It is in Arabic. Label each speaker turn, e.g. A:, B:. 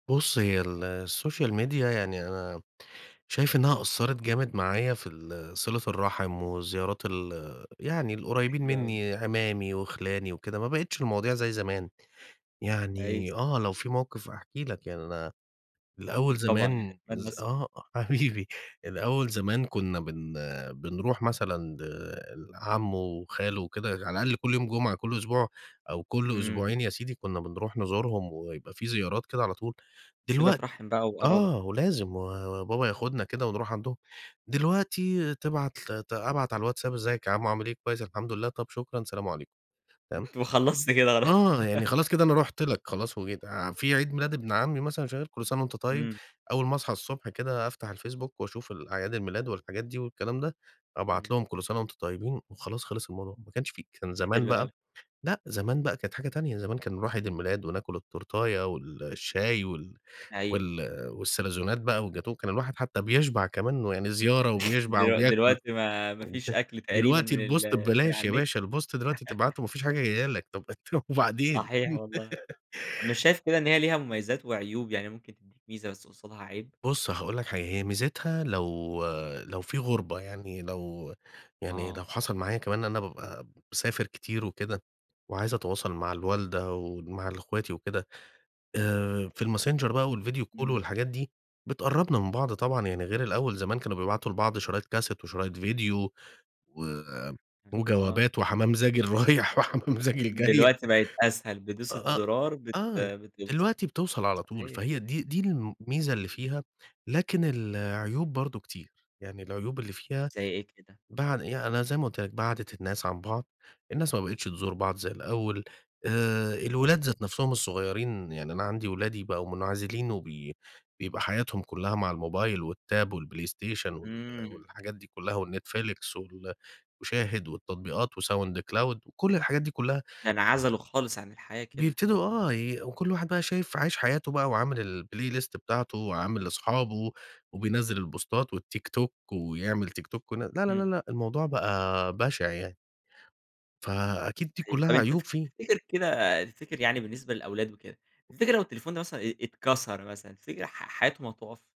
A: بُصّ، هي ال الsocial media يعني أنا شايِف إنها أثَّرت جامد معايا في ال صلة الرحم والزيارات ال يعني القريبين
B: حلو أوي.
A: مني، عمامي وخلاني وكده، ما بقِتِش المواضيع زي زمان.
B: أيوه.
A: يعني آه، لو في موقف أحكِ لك، يعني أنا الأول
B: أكيد طبعًا، يعني
A: زمان
B: أتمنى
A: ز
B: أسمع.
A: آه، حبيبي، الأول زمان كنا بن بنرُوح مثلًا ل لعمو وخالو وكده، على الأقل كل يوم جمعة، كل أسبوع أو كل
B: إمم.
A: أسبوعين يا سيدي، كنا بنرُوح نزورهم ويبقى في زيارات كده على طول.
B: صلة
A: دلوقت
B: رحم بقى وقرابة.
A: آه، ولازم و وبابا ياخُدنا كده ونرُوح عندهم. دلوقتي، تبعت ل أبعت على الواتساب: "إزيِّك يا عمو عامِل إيه؟" "كويِّس الحمد لله." "طَب شكرًا، سلام عليكم"، تمام؟
B: وخلصت كده، خلاص.
A: آه، يعني خلاص كده أنا رُحت لك، خلاص وجيت آآ، في عيد ميلاد ابن عمي مثلًا، مش عارف "كل سنة وأنتَ طيِّب."،
B: إمم.
A: أول ما أصحى الصبح كده، أفتَح الفيسبوك وأشوف الأعياد الميلاد والحاجات دي والكلام ده، أبعَت
B: إمم.
A: لهُم: "كل سنة وأنتم طيِّبين" وخلاص خلص الموضوع. ما كانش في كان زمان
B: حلو
A: بقى
B: أوي.
A: لأ، زمان بقى كانت حاجة تانية، زمان كان نرُوح عيد الميلاد، وناكُل التورتاية والشاي وال
B: أيوه.
A: وال والساليزونات بقى، والجاتوه والكلام ده، الواحد حتى بيشبع كمان ويعني زيارة وبيشبع
B: دل
A: وبياكُل
B: دلوقتي ما ما فيش
A: وكده.
B: أكل تقريبًا
A: دلوقتي
B: من
A: الpost
B: ال من
A: ببلاش
B: على
A: يا
B: النت.
A: باشا، الpost دلوقتي تبعَتُه ما فيش حاجة جاية لك، طب طب وبعدين؟
B: صحيح والله، مش شايف كده إن هي ليها مميزات وعيوب يعني ممكن تدِّيك ميزة بس قصادها عيب؟
A: بُصّ، هاقول لك حاجة، هي ميزتها لو لو في غُربة، يعني لو يعني
B: آه.
A: لو حصل معايا كمان إن أنا بابقى باسافر كتير وكده وعايِز أتواصل مع الوالدة ومع ال إخواتي وكده، آآ، في الmessenger بقى والvideo call
B: إمم.
A: والحاجات دي بتقرِّبنا من بعض طبعًا، يعني غير الأول زمان كانوا بيبعتوا لبعض شرايط كاسيت وشرايط فيديو، و
B: إمم، آه.
A: وجوابات وحمام زاجِل رايِح وحمام زاجِل جايه.
B: دلوقتي بقت أسهل، بدوسة
A: آه،
B: زرار بت
A: آه،
B: بتوصل،
A: دلوقتي بتوصل على طول،
B: صحيح.
A: فهي دي دي الميزة اللي فيها، لكن العيوب برضو كتير، يعني العيوب اللي فيها
B: زي إيه كده؟
A: بعد يعني أنا زي ما قُلت لك بعَّدِت الناس عن بعض، الناس ما بقِتِش
B: [unintelligible]
A: تزور بعض زي الأول. آآ، الولاد ذات نفسهم الصغيِّرين، يعني أنا عندي ولادي بقوا منعزلين، وبي بيبقى حياتهم كلها مع الموبايل والtab، الPlayStation وال
B: إمم.
A: والحاجات دي كلها، وال Netflix وال وShahid والتطبيقات وSoundCloud وكل الحاجات دي كلها
B: يعني عزله خالص عن الحياة كده.
A: بيبتدوا آه، ي وكل واحد بقى شايِف عايِش حياته بقى، وعامل الplaylist بتاعته، وعامل لأصحابه، وبينزِّل البوستات، والTikTok، ويعمل TikTok ن لا، لا، لا،
B: إمم.
A: لأ، الموضوع بقى بشع يعني. فأكيد دي
B: [unintelligible] طب
A: كلها
B: أنت
A: عيوب فيه.
B: تفتكر كده تفتكر يعني بالنسبة للأولاد وكده، تفتكر لو التليفون مثلًا إيه ات اتكسر مثلًا، تفتكر ح ح حياتهم هتوقف؟